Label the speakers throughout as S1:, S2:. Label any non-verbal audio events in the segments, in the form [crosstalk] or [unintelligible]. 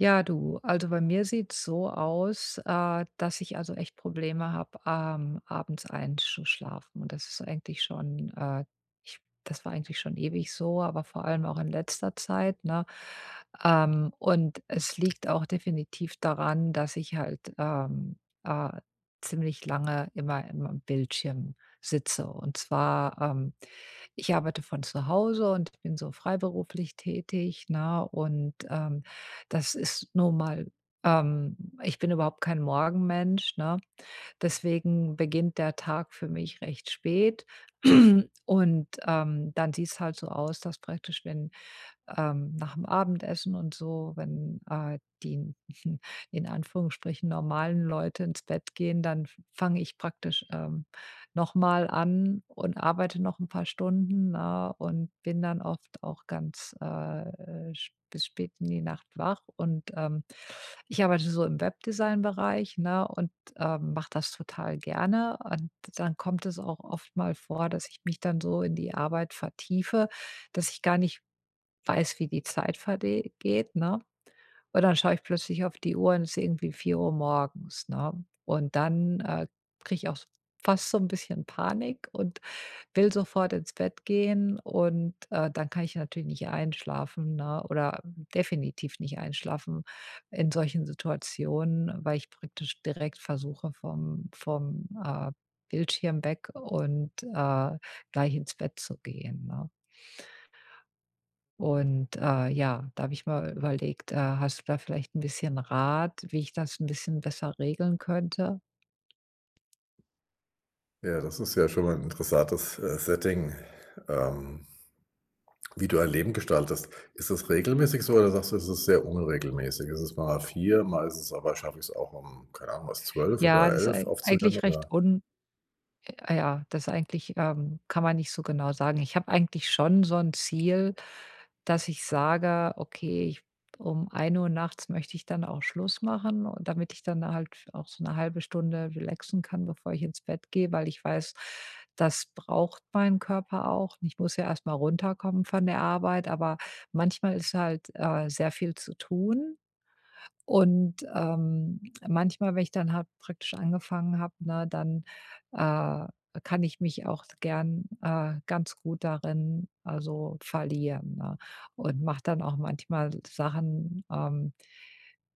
S1: Ja, du, also, bei mir sieht's so aus, äh, dass ich, also, echt Probleme habe, ähm, abends einsch schlafen. Und das ist eigentlich schon, äh ich das war eigentlich schon ewig so, aber vor allem auch in letzter Zeit, ne? Ähm, und es liegt auch definitiv daran, dass ich halt, ähm, äh, ziemlich lange immer im am Bildschirm sitze. Und zwar, ähm, ich arbeite von zu Hause und bin so freiberuflich tätig, ne? Und, ähm, das ist nun mal, ähm ich bin überhaupt kein Morgenmensch, ne? Deswegen beginnt der Tag für mich recht spät. [clears throat] Und, ähm, dann sieht's halt so aus, dass praktisch wenn, ähm nach 'm Abendessen und so, wenn, äh, die [chuckles] in Anführungsstrichen normale Leute ins Bett gehen, dann f fange ich praktisch, ähm, noch mal an und arbeite noch 'n paar Stunden, ne, und bin dann oft auch ganz, äh, sp bis spät in die Nacht wach. Und, ähm, ich arbeite so im Webdesign-Bereich, ne, und, ähm, mache das total gerne. Und dann kommt es auch oft mal vor, dass ich mich dann so in die Arbeit vertiefe, dass ich gar nicht weiß, wie die Zeit verde geht, ne? Und dann schaue ich plötzlich auf die Uhr und ist irgendwie 4:00 morgens, ne? Und dann, äh, kriege ich auch s fast so 'n bisschen Panik und will sofort ins Bett gehen. Und, äh, dann kann ich natürlich nicht einschlafen, ne, oder definitiv nicht einschlafen in solchen Situationen, weil ich praktisch direkt versuche, vom vom, äh, Bildschirm weg und, äh, gleich ins Bett zu gehen, ne? Und, äh, ja, da habe ich mal überlegt. Äh, hast du da vielleicht 'n bisschen Rat, wie ich das 'n bisschen besser regeln könnte?
S2: Ja, das ist ja schon mal 'n interessantes, äh, Setting, ähm, wie du ein Leben gestaltest. Ist das regelmäßig so oder sagst du, es ist sehr unregelmäßig? Ist es mal 4:00, mal ist es aber schaff ich es auch um, keine Ahnung was, 12:00
S1: Ja,
S2: oder
S1: das ist
S2: 11:00
S1: ei
S2: aufzuhören,
S1: eigentlich
S2: oder?
S1: recht un äh, ja, das eigentlich, ähm kann man nicht so genau sagen. Ich habe eigentlich schon so 'n Ziel, dass ich sage: „Okay, ich um 1:00 nachts möchte ich dann auch Schluss machen“ und damit ich dann halt auch so 'ne 0,5 Stunde relaxen kann, bevor ich ins Bett gehe, weil ich weiß, das braucht meinen Körper auch. Ich muss ja erst mal runterkommen von der Arbeit, aber manchmal ist halt, äh, sehr viel zu tun. Und, ähm, manchmal, wenn ich dann habe praktisch angefangen habe, ne, dann, äh, kann ich mich auch gern, äh, ganz gut darin also verlieren, ne? Und mache dann auch manchmal Sachen, ähm,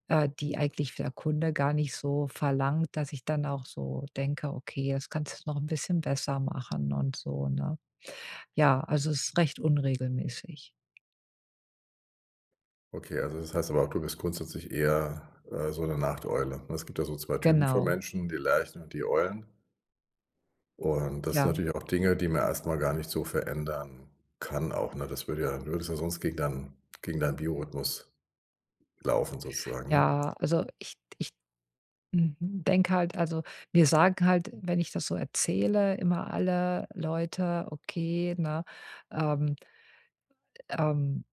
S1: äh, die eigentlich der Kunde gar nicht so verlangt, dass ich dann auch so denke, okay, das kannst du noch 'n bisschen besser machen und so, ne? Ja, also es ist recht unregelmäßig.
S2: Okay, also das heißt aber, du bist grundsätzlich eher, äh, so 'ne Nachteule, ne? Es gibt ja so 2 Typen von
S1: Genau.
S2: Menschen, die Lerchen und die Eulen. Und, das sind
S1: Ja.
S2: natürlich auch Dinge, die man erst mal gar nicht so verändern kann auch, ne, das würde ja du würdest ja sonst gegen dein gegen deinen Biorhythmus laufen sozusagen, ne?
S1: Ja, also ich d ich mhm, denke halt, also mir sagen halt, wenn ich das so erzähle, immer alle Leute: „Okay, ne, ähm“ „ähm,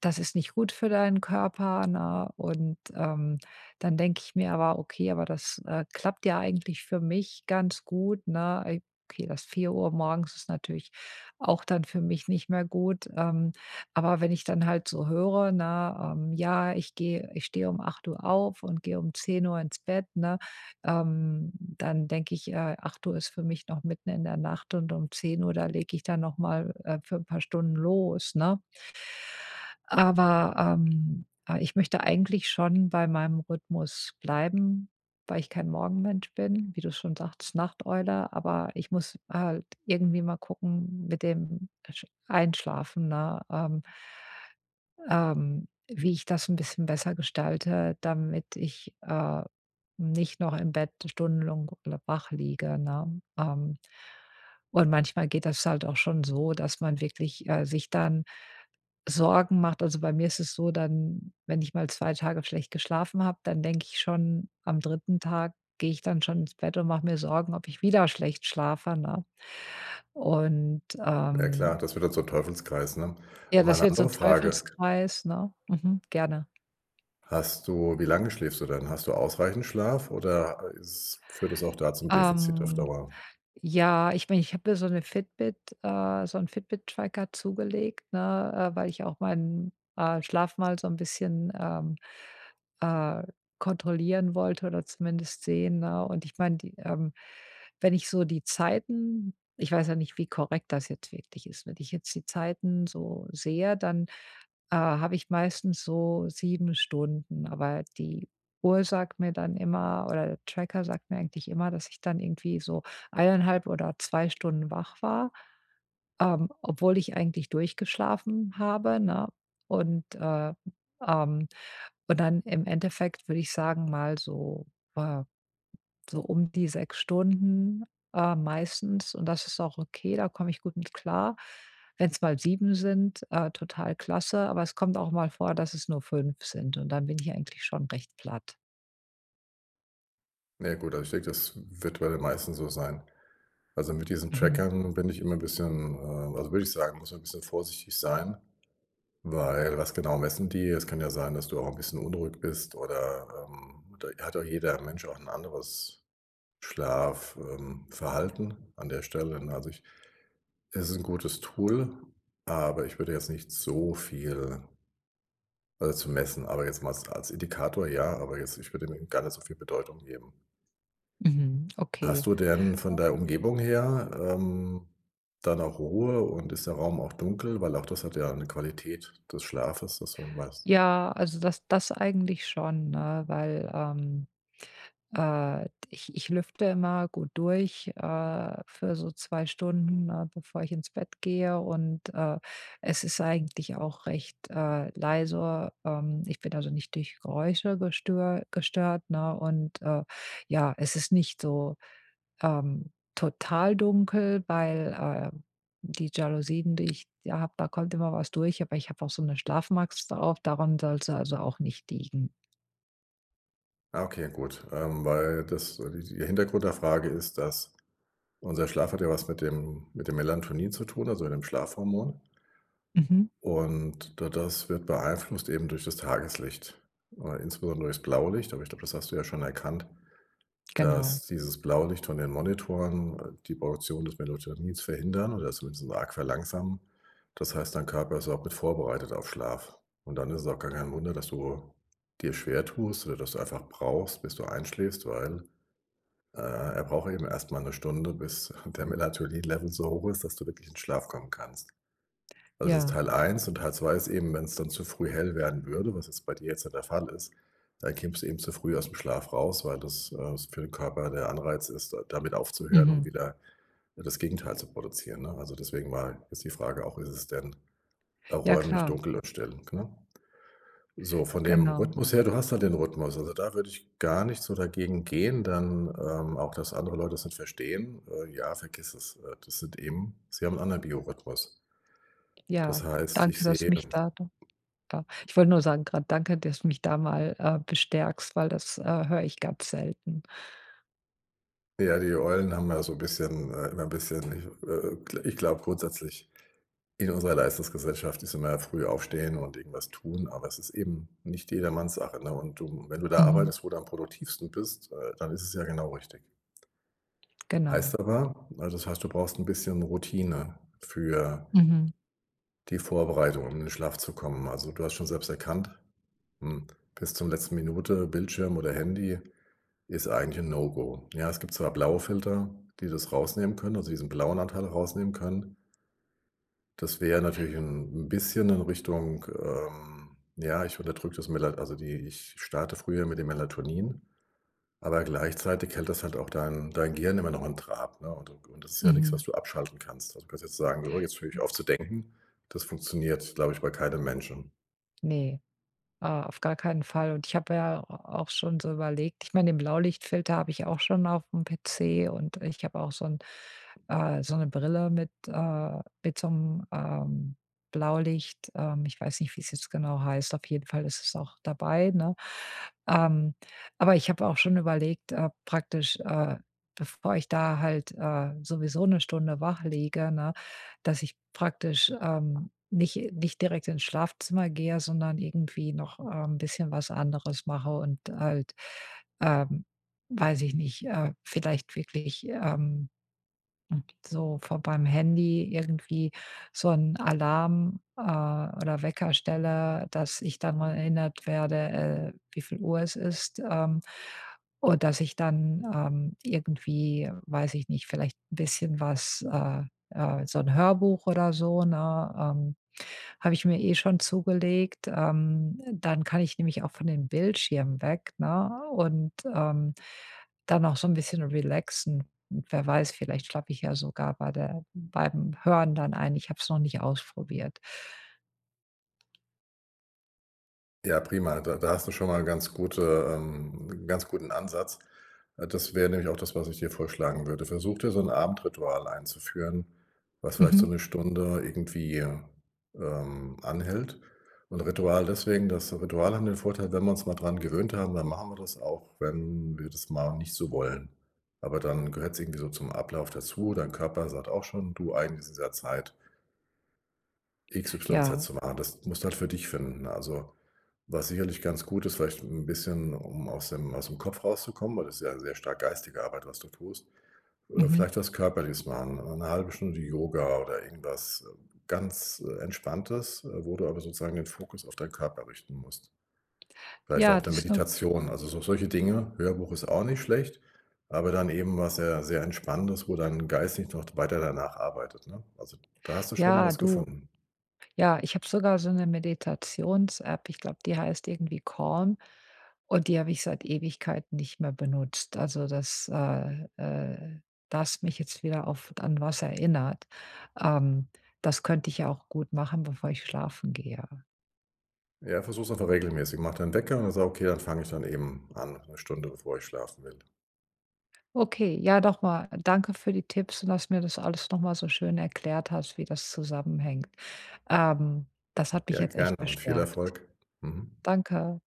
S1: das ist nicht gut für deinen Körper“, ne, und, ähm, dann denke ich mir aber: „Okay, aber das, äh, klappt ja eigentlich für mich ganz gut“, ne? Ei okay, das 4:00 morgens ist natürlich auch dann für mich nicht mehr gut, ähm, aber wenn ich dann halt so höre, ne, ähm: „Ja, ich gehe ich stehe um 8:00 auf und gehe um 10:00 ins Bett“, ne? Ähm, dann denke ich, äh: „8:00 ist für mich noch mitten in der Nacht und um 10:00, da lege ich dann noch mal, äh, für 'n paar Stunden los“, ne? Aber, ähm, ah, ich möchte eigentlich schon bei meinem Rhythmus bleiben, weil ich kein Morgenmensch bin, wie du schon sagtest: „Nachteule“, aber ich muss halt irgendwie mal gucken mit dem Sch Einschlafen, ne, ähm ähm, wie ich das 'n bisschen besser gestalte, damit ich, äh, nicht noch im Bett Stundenlang [unintelligible] wach liege, ne? Ähm, und manchmal geht das halt auch schon so, dass man wirklich, äh, sich dann Sorgen macht, also bei mir ist es so, dann, wenn ich mal 2 Tage schlecht geschlafen habe, dann denke ich schon am 3. Tag gehe ich dann schon ins Bett und mache mir Sorgen, ob ich wieder schlecht schlafe, ne? Und,
S2: Ja, klar,
S1: ähm
S2: das wird dann zum Teufelskreis, ne?
S1: Ja,
S2: Aber, mal
S1: das
S2: 'ne
S1: wird
S2: andere
S1: zum
S2: Frage
S1: Teufelskreis, ne? Mhm, gerne.
S2: Hast du wie lange schläfst du denn? Hast du ausreichend Schlaf oder ist führt es auch da zum Defizit auf
S1: Ähm,
S2: Dauer?
S1: ja, ich mein, ich habe mir so ‘ne Fitbit, äh so 'n Fitbit Tracker zugelegt, ne, äh, weil ich auch meinen, äh, Schlaf mal so 'n bisschen, ähm, äh, kontrollieren wollte oder zumindest sehen, ne, und, ich meine die, ähm wenn ich so die Zeiten ich weiß ja nicht, wie korrekt das jetzt wirklich ist wenn ich jetzt die Zeiten so sehe, dann, äh, habe ich meistens so 7 Stunden, aber die Uhr sagt mir dann immer oder der Tracker sagt mir eigentlich immer, dass ich dann irgendwie so 1 1/2 oder 2 Stunden wach war, ähm, obwohl ich eigentlich durchgeschlafen habe, ne? Und, äh, ähm und dann im Endeffekt würde ich sagen, mal so, äh so um die 6 Stunden, äh, meistens und das ist auch okay, da komme ich gut mit klar. Wenn's mal 7 sind, äh, total klasse, aber es kommt auch mal vor, dass es nur 5 sind und dann bin ich eigentlich schon recht platt.
S2: Na ja, gut, also ich denke, das wird bei den meisten so sein. Also, mit diesen
S1: Mhm.
S2: Trackern bin ich immer bisschen, ähm also würde ich sagen, muss man bisschen vorsichtig sein, weil was genau messen die? Es kann ja sein, dass du auch 'n bisschen unruhig bist oder, ähm, da hat doch jeder Mensch auch 'n anderes Schlaf ähm, Verhalten an der Stelle, ne? Also, ich es ist 'n gutes Tool, aber ich würde jetzt nicht so viel beizumessen, aber jetzt mal als als Indikator ja, aber jetzt ich würde dem gar nicht so viel Bedeutung geben.
S1: Mhm. Okay.
S2: Hast du denn von der Umgebung her, ähm, dann auch Ruhe und ist der Raum auch dunkel, weil auch das hat ja 'ne Qualität des Schlafes, dass man weiß
S1: Ja, also das das eigentlich schon, ne, weil, ähm, äh, d ich ich lüfte immer gut durch, äh, für so 2 Stunden, ne, bevor ich ins Bett gehe und, äh, es ist eigentlich auch recht, äh, leise. Ähm, ich bin also nicht durch Geräusche gestö gestört, ne, und, äh, ja, es ist nicht so, ähm, total dunkel, weil, äh, die Jalousien, die ich ja habe, da kommt immer was durch, aber ich habe auch so 'ne Schlafmaske drauf, daran soll's also auch nicht liegen.
S2: Ah, okay, gut. Ähm, weil das so die die der Hintergrund der Frage ist, dass unser Schlaf hat ja was mit dem mit dem Melatonin zu tun, also, mit dem Schlafhormon.
S1: Mhm.
S2: Und da das wird beeinflusst eben durch das Tageslicht, äh, insbesondere durch's Blaulicht. Aber ich glaube, das hast du ja schon erkannt,
S1: Genau.
S2: dass dieses Blaulicht von den Monitoren die Produktion des Melatonins verhindern oder zumindest arg verlangsamen. Das heißt, dein Körper ist auch mit vorbereitet auf Schlaf. Und dann ist es auch gar kein Wunder, dass du dir schwer tust oder dass du einfach brauchst, bis du einschläfst, weil, äh, er braucht eben erst mal 1 Stunde, bis [chuckles] der Melatonin-Level so hoch ist, dass du wirklich in Schlaf kommen kannst. Also, das ist
S1: Ja.
S2: Teil 1 und Teil 2 ist eben, wenn's dann zu früh hell werden würde, was jetzt bei dir jetzt ja der Fall ist, dann kämst eben zu früh aus'm Schlaf raus, weil das, äh, s für den Körper der Anreiz ist, da damit aufzuhören, um
S1: Mhm.
S2: wieder, ne, das Gegenteil zu produzieren, ne? Also, deswegen mal ist die Frage auch, ist es denn auch
S1: Ja,
S2: räumlich
S1: klar.
S2: dunkel und still, ne? So, von dem
S1: Genau.
S2: Rhythmus her du hast ja den Rhythmus. Also, da würde ich gar nicht so dagegen gehen denn, ähm auch dass andere Leute das nicht verstehen. Äh, ja, vergiss es. Äh, das sind eben sie haben 'n anderen Biorhythmus. Das
S1: Ja,
S2: heißt, ich
S1: danke, dass du
S2: sehe
S1: mich da da da Ich wollte nur sagen grad, danke, dass du mich da mal, äh, bestärkst, weil das, äh, höre ich ganz selten.
S2: Ja, die Eulen haben ja so 'n bisschen, äh immer 'n bisschen ich, äh ich glaube grundsätzlich, in unserer Leistungsgesellschaft ist immer früh aufstehen und irgendwas tun, aber es ist eben nicht jedermanns Sache, ne? Und du wenn du da
S1: Mhm.
S2: arbeitest, wo du am produktivsten bist, äh, dann ist es ja genau richtig.
S1: Genau.
S2: Heißt aber also, das heißt, du brauchst 'n bisschen Routine für
S1: Mhm.
S2: die Vorbereitung, um in den Schlaf zu kommen. Also, du hast schon selbst erkannt, hm, bis zum letzten Minute Bildschirm oder Handy ist eigentlich 'n-No Go, ja. Es gibt zwar blaue Filter, die das rausnehmen können, also, diesen blauen Anteil rausnehmen können. Das wäre natürlich 'n bisschen in Richtung, ähm, ja: „Ich unterdrücke das Melal also, die ich starte früher mit den Melatonin.“ Aber gleichzeitig hält das halt auch dein dein Gehirn immer noch in Trab, ne? Und und das ist ja nix, was
S1: Mhm.
S2: du abschalten kannst. Also, kann's jetzt sagen: „So, jetzt höre ich auf zu denken.“ Das funktioniert, glaube ich, bei keinem Menschen.
S1: Ne, ah, auf gar keinen Fall. Und ich habe ja a auch schon so überlegt ich meine, den Blaulichtfilter habe ich auch schon auf'm PC und ich habe auch so 'n, äh so 'ne Brille mit, äh mit so 'nem Blaulicht ähm, ich weiß nicht, wie's jetzt genau heißt, auf jeden Fall ist es auch dabei, ne? Ähm, aber ich habe auch schon überlegt, äh, praktisch, äh, bevor ich da halt, äh, sowieso 1 Stunde wach liege, ne, dass ich praktisch, ähm, nicht nicht direkt ins Schlafzimmer gehe, sondern irgendwie noch, ähm, bisschen was anderes mache und halt, ähm, weiß ich nicht, äh, vielleicht wirklich, ähm, so vor beim Handy irgendwie so 'n Alarm, äh, oder Wecker stelle, dass ich dann mal erinnert werde, äh, wieviel Uhr es ist. Ähm, und dass ich dann, ähm, irgendwie, weiß ich nicht, vielleicht 'n bisschen was, äh, äh so 'n Hörbuch oder so, ne ähm, habe ich mir eh schon zugelegt. Ähm, dann kann ich nämlich auch von den Bildschirmen weg, ne, und, ähm, dann auch so 'n bisschen relaxen. Wer weiß, vielleicht schlafe ich ja sogar bei der beim Hören dann ein. Ich habe es noch nicht ausprobiert.
S2: Ja, prima. Da da hast du schon mal 'n ganz gute, ähm 'n ganz guten Ansatz. Äh, das wäre nämlich auch das, was ich dir vorschlagen würde. Versuch dir so 'n Abendritual einzuführen, was vielleicht so
S1: Mhm.
S2: 'ne Stunde irgendwie, ähm, anhält. Und, Ritual deswegen, dass du Rituale haben den Vorteil, wenn wir uns mal dran gewöhnt haben, dann machen wir das auch, wenn wir das mal nicht so wollen. Aber, dann gehört‘s irgendwie so zum Ablauf dazu, dein Körper sagt auch schon: „Du, eigentlich ist es ja Zeit XYZ
S1: Ja.
S2: zu machen.“ Das musst du halt für dich finden. Also, was sicherlich ganz gut ist, vielleicht 'n bisschen, um aus dem ausm Kopf rauszukommen, weil das ist ja sehr stark geistige Arbeit, was du tust. Äh,
S1: Mhm.
S2: vielleicht was körperliches machen, 1/2 Stunde Yoga oder irgendwas, äh, ganz, äh, Entspanntes, äh, wo du aber sozusagen den Fokus auf deinen Körper richten musst. Vielleicht
S1: Ja,
S2: auch ‘ne
S1: das ist ‘ne
S2: Meditation, also so solche Dinge. Hörbuch ist auch nicht schlecht, aber dann eben, was ja sehr entspannendes, wo dein Geist nicht noch d weiter danach arbeitet, ne? Also, da hast du schon
S1: Ja,
S2: was
S1: du
S2: gefunden.
S1: ja, ich habe sogar so ‘ne Meditations-App. Ich glaube, die heißt irgendwie „Calm“ und die habe ich seit Ewigkeiten nicht mehr benutzt. Also das, äh äh da hast du mich jetzt wieder auf an was erinnert. Ähm, das könnte ich ja auch gut machen, bevor ich schlafen gehe.
S2: Ja, versuch's einfach regelmäßig. Mach deinen Wecker an und sag: „Okay, dann fange ich dann eben an, 'ne Stunde bevor ich schlafen will.“
S1: Okay, ja, noch mal danke für die Tipps und, dass du mir das alles noch mal so schön erklärt hast, wie das zusammenhängt. Ähm, das hat mich
S2: Ja,
S1: jetzt
S2: gerne
S1: echt
S2: und viel
S1: bestärkt.
S2: Erfolg. Mhm.
S1: Danke.